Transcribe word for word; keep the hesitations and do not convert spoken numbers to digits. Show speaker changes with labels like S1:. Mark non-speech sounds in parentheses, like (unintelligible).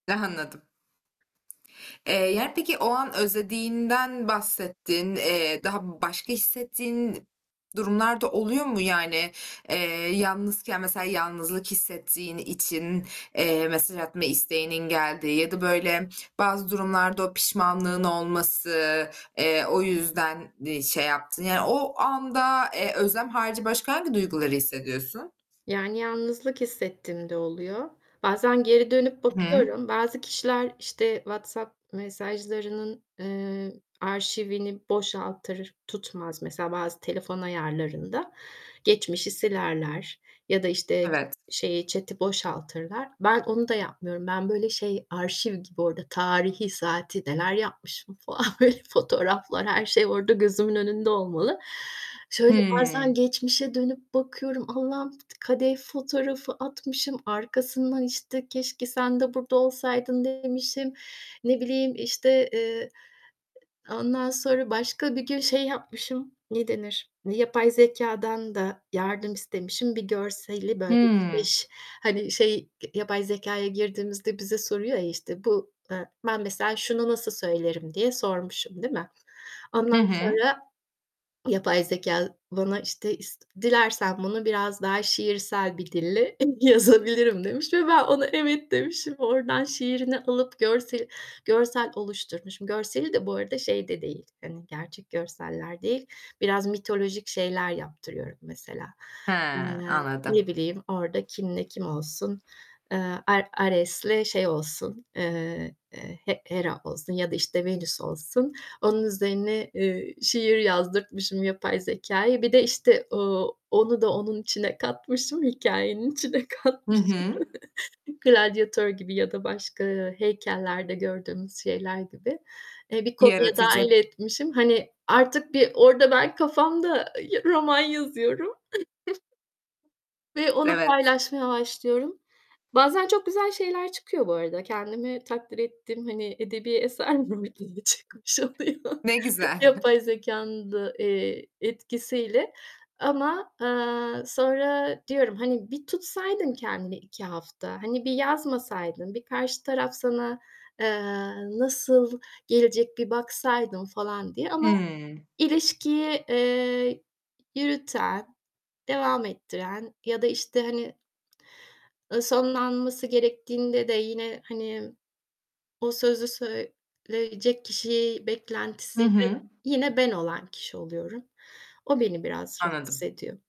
S1: He, anladım. Eee, yani peki o an özlediğinden bahsettin. Eee, daha başka hissettiğin durumlar da oluyor mu? Yani, eee, yalnızken mesela yalnızlık hissettiğin için, eee, mesaj atma isteğinin geldiği ya da böyle bazı durumlarda o pişmanlığın olması, eee, o yüzden şey yaptın, yani o anda, eee, özlem harici başka hangi duyguları hissediyorsun?
S2: Yani yalnızlık hissettiğim de oluyor. Bazen geri dönüp
S1: I hı.
S2: bakıyorum. Bazı kişiler işte WhatsApp mesajlarının, eee, arşivini boşaltır tutmaz, mesela bazı telefon ayarlarında geçmişi silerler, ya da işte
S1: Evet.
S2: şeyi chat'i boşaltırlar. Ben onu da yapmıyorum. Ben böyle şey arşiv gibi orada tarihi, saati neler yapmışım falan böyle fotoğraflar, her şey orada gözümün önünde olmalı. Şöyle bazen
S1: Hıı.
S2: geçmişe dönüp bakıyorum. Allah'ım kadeh fotoğrafı atmışım, arkasından işte keşke sen de burada olsaydın demişim, ne bileyim işte, eee, ondan sonra başka bir gün şey yapmışım, ne denir, yapay zekâdan da yardım istemişim bir görseli böyle
S1: Hımm.
S2: işte hani şey, yapay zekâya girdiğimizde bize soruyor ya, işte bu, eee, "Ben mesela şunu nasıl söylerim?" diye sormuşum değil mi?
S1: Hı
S2: Ondan
S1: hı.
S2: sonra yapay zekâ bana işte is dilersen bunu biraz daha şiirsel bir dille yazabilirim demiş ve ben ona evet demişim. Oradan şiirini alıp görseli görsel oluşturmuşum. Görseli de bu arada, şey de değil hani gerçek görseller değil, biraz mitolojik şeyler yaptırıyorum mesela.
S1: He,
S2: Eee, ne
S1: anladım.
S2: bileyim, orda kimle kim olsun? Eee, Ar Ares'le şey olsun, eee, eee, He Hera olsun ya da işte Venüs olsun, onun üzerine, eee, şiir yazdırtmışım yapay zekâya. Bir de işte o, onu da onun içine katmışım, hikayenin içine
S1: Hı
S2: katmışım
S1: hı.
S2: gladyatör gibi ya da başka heykellerde gördüğümüz şeyler gibi, eee, bir konuya
S1: Yaratıcı.
S2: dâhil etmişim. Hani artık bir orda ben kafamda roman yazıyorum. (chuckles) Ve onu
S1: Evet.
S2: paylaşmaya başlıyorum. Bazen çok güzel şeyler çıkıyor bu arada. Kendimi takdir ettim hani edebi eser mi diye (unintelligible) çıkmış oluyor
S1: Ne güzel. (giggles)
S2: yapay zekanın da, eee, etkisiyle ama, eee, sonra diyorum "Hani bir tutsaydın kendini iki hafta, hani bir yazmasaydın, bir karşı taraf sana, eee, nasıl gelecek bir baksaydın." falan diye ama
S1: Hımm.
S2: ilişkiyi, eee, yürüten, devam ettiren ya da işte hani, eee, sonlanması gerektiğinde de yine, hani o sözü söyleyecek kişiyi
S1: Hı
S2: beklentisi
S1: hı.
S2: (unintelligible) yine ben olan kişi oluyorum. O beni biraz rahatsız
S1: Anladım.
S2: ediyor.